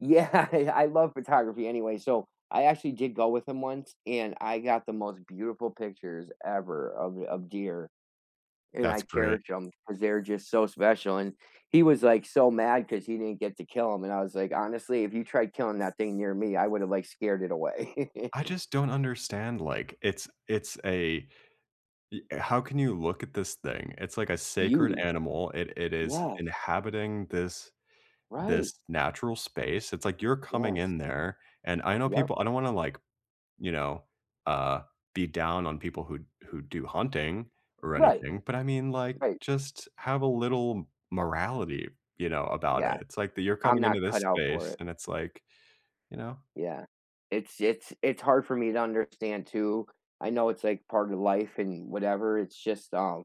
Yeah, yeah, I love photography anyway. So, I actually did go with him once, and I got the most beautiful pictures ever of of deer, and I That's great. cherished 'em 'cause they're just so special, and he was, like, so mad 'cause he didn't get to kill 'em, and I was like, "Honestly, if you tried killing that thing near me, I would've, like, scared it away." I just don't understand, like, it's it's a eh, how can you look at this thing? It's like a sacred Beauty, animal, it it is yes. inhabiting this this Right. natural space, it's, like, you're coming Yes. in there, and I know Yep. people I don't wanna, like, you know, uh, be down on people who who do hunting or Right, anything, but, I mean, like, right. just have a little morality, you know, about it. Yeah, It's, like, that you're I'm coming not into this cut out for space, it. and it's, like you know? Yeah, it's it's it's hard for me to understand too. I know it's, like, part of life and whatever, it's just, um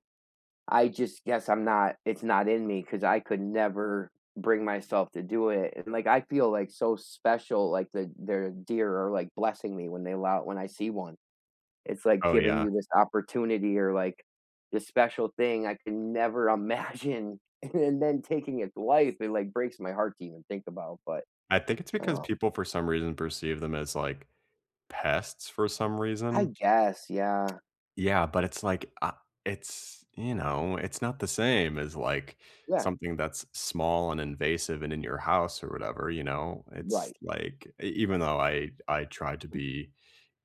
I just guess I'm not it's not in me 'cause I could never bring myself to do it, and, like, I feel, like, so special, like, the there are deer are, like, blessing me when they allow when I see 1. It's like Oh, giving yeah. you this opportunity or, like, this special thing I can never imagine and then then taking its life, it, like, breaks my heart to even think about, but I think it's I don't because know. people, for some reason, perceive them as, like, pests for some I reason. guess, yeah. Yeah, but it's, like, I it's you know, it's not the same as, like, Yeah. something that's small and invasive and in your house or whatever, you know? It's, Right. like e even though I I try to be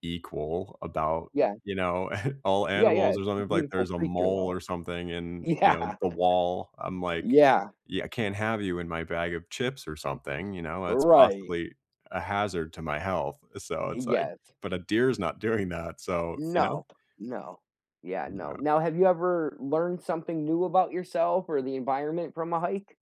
equal about, Yeah. you know, all Yeah, yeah, animals it's or a something, like, beautiful there's a creature, mole though. or something in, you know, Yeah. the wall I'm like, Yeah. "Yeah, I can't have you in my bag of chips or something," you know? That's Right. possibly a hazard to my health, so it's, like Yes. but a deer is not doing that, so, you know? Nope, no. Yeah, no. Yeah. Now have you ever learned something new about yourself or the environment from a hike?